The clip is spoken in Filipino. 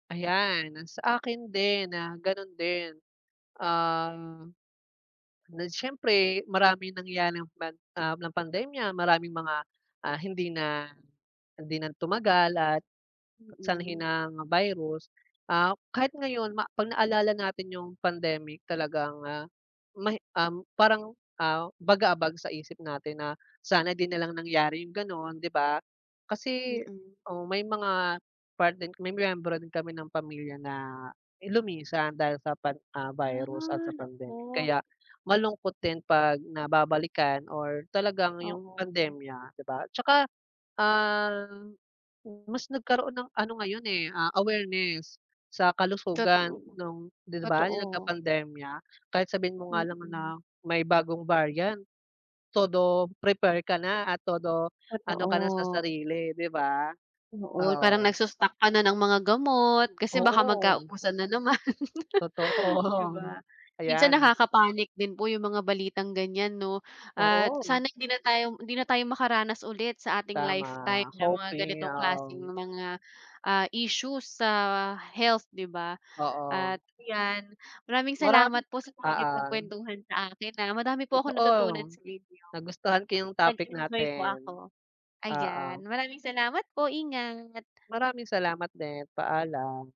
Ayan, ang sa akin din na ganun din. Ah, na siyempre maraming nangyari, ah, pan ah, ng pandemya maraming mga, ah, hindi na hindi na tumagal at sanhi Mm. ng virus. Ah, kahit ngayon ma pag naalala natin 'yung pandemic talagang, ah, may, um, parang, ah bagabag sa isip natin na sana 'di na lang nangyari 'yung gano'n 'di ba. Kasi Mm. o may mga part din may miyembro din kami ng pamilya na lumisan dahil sa pan ah, virus at Ah, sa pandemic, nako. kaya malungkot din 'pag nababalikan or talagang 'yung Oo. pandemya 'di ba. 'Tsaka, ah, mas nagkaroon ng ano ngayon, eh, ah, awareness sa kalusugan Totoo. nung 'di ba 'yung Totoo. nagka-pandemya. Kahit sabihin mo nga lang Mm. na may bagong variant, todo prepare ka na at todo ano ka na sa Totoo. sarili 'di ba. Oo, parang Oo. nagsa-stock ka na ng mga gamot, kasi baka Oo. magkaubusan na naman. 'Di Totoo, ba. Minsan ayan. nakaka-panic din po 'yung mga balitang ganyan 'no at Oo. sana hindi na tayo hindi na tayo makaranas ulit sa ating lifetime Tama, ng mga hoping, ganitong klaseng oo. mga, ah, issues sa health 'di ba, Oo. at 'yan maraming Marami, salamat po sa oo. pakikipagkwentuhan sa akin, ah. Madami po akong natutunan Totoo. sa inyo. Nagustuhan ko 'yung topic Nag-enjoy po ako. natin. Ayan Oo. maraming salamat po! Ingat! Maraming salamat din, paalam.